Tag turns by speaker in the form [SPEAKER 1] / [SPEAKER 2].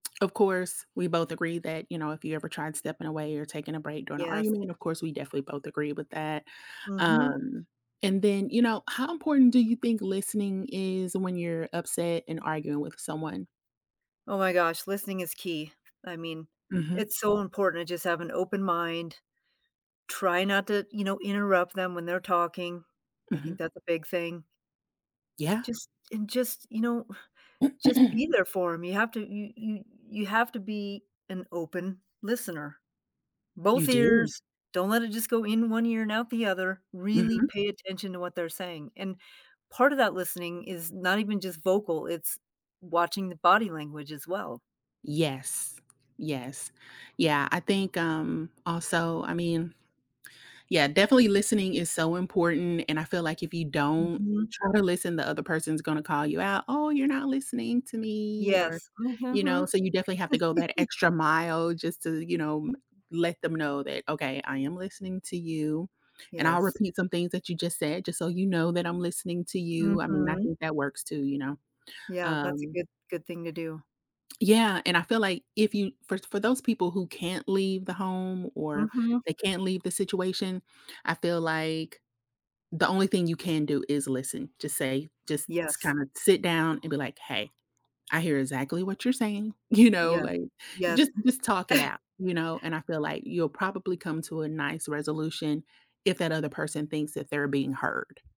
[SPEAKER 1] Of course, we both agree that, you know, if you ever tried stepping away or taking a break during an
[SPEAKER 2] Yes.
[SPEAKER 1] argument, of course we definitely both agree with that.
[SPEAKER 2] Mhm.
[SPEAKER 1] Um, and then you know, how important do you think listening is when you're upset and arguing with someone?
[SPEAKER 2] Oh my gosh, listening is key. I mean,
[SPEAKER 1] Mhm.
[SPEAKER 2] it's so important to just have an open mind, try not to, you know, interrupt them when they're talking. I think
[SPEAKER 1] Mhm.
[SPEAKER 2] that's a big thing.
[SPEAKER 1] Yeah.
[SPEAKER 2] Just and just, you know, just be there for 'em, you have to you you you have to be an open listener,
[SPEAKER 1] You
[SPEAKER 2] both
[SPEAKER 1] do.
[SPEAKER 2] ears, don't let it just go in one ear and out the other, really
[SPEAKER 1] Mhm.
[SPEAKER 2] pay attention to what they're saying, and part of that listening is not even just vocal, it's watching the body language as well.
[SPEAKER 1] Yes, yes. Yeah, I think, um, also, I mean Yeah, definitely listening is so important and I feel, like, if you don't
[SPEAKER 2] Mhm.
[SPEAKER 1] try to listen, the other person's gonna call you out, "Oh, you're not listening to me,"
[SPEAKER 2] Yes,
[SPEAKER 1] or,
[SPEAKER 2] m
[SPEAKER 1] you know,
[SPEAKER 2] mhm.
[SPEAKER 1] so you definitely have to go that extra mile just to, you know, let them know that, "Okay, I am listening to you, and I'll
[SPEAKER 2] Yes.
[SPEAKER 1] repeat some things that you just said, just so you know that I'm listening to you." I mean, I
[SPEAKER 2] Mhm.
[SPEAKER 1] think that works too, you know?
[SPEAKER 2] Yeah, that's a
[SPEAKER 1] Um
[SPEAKER 2] good good thing to do.
[SPEAKER 1] Yeah, and I feel, like, if you for for those people who can't leave the home or
[SPEAKER 2] Mhm.
[SPEAKER 1] they can't leave the situation, I feel, like, the only thing you can do is listen, just say just
[SPEAKER 2] Yes.
[SPEAKER 1] kinda sit down and be, like, "Hey, I hear exactly what you're saying," you know,
[SPEAKER 2] Yes,
[SPEAKER 1] like,
[SPEAKER 2] yes.
[SPEAKER 1] just just talk it out, you know, and I feel, like, you'll probably come to a nice resolution if that other person thinks that they're being heard.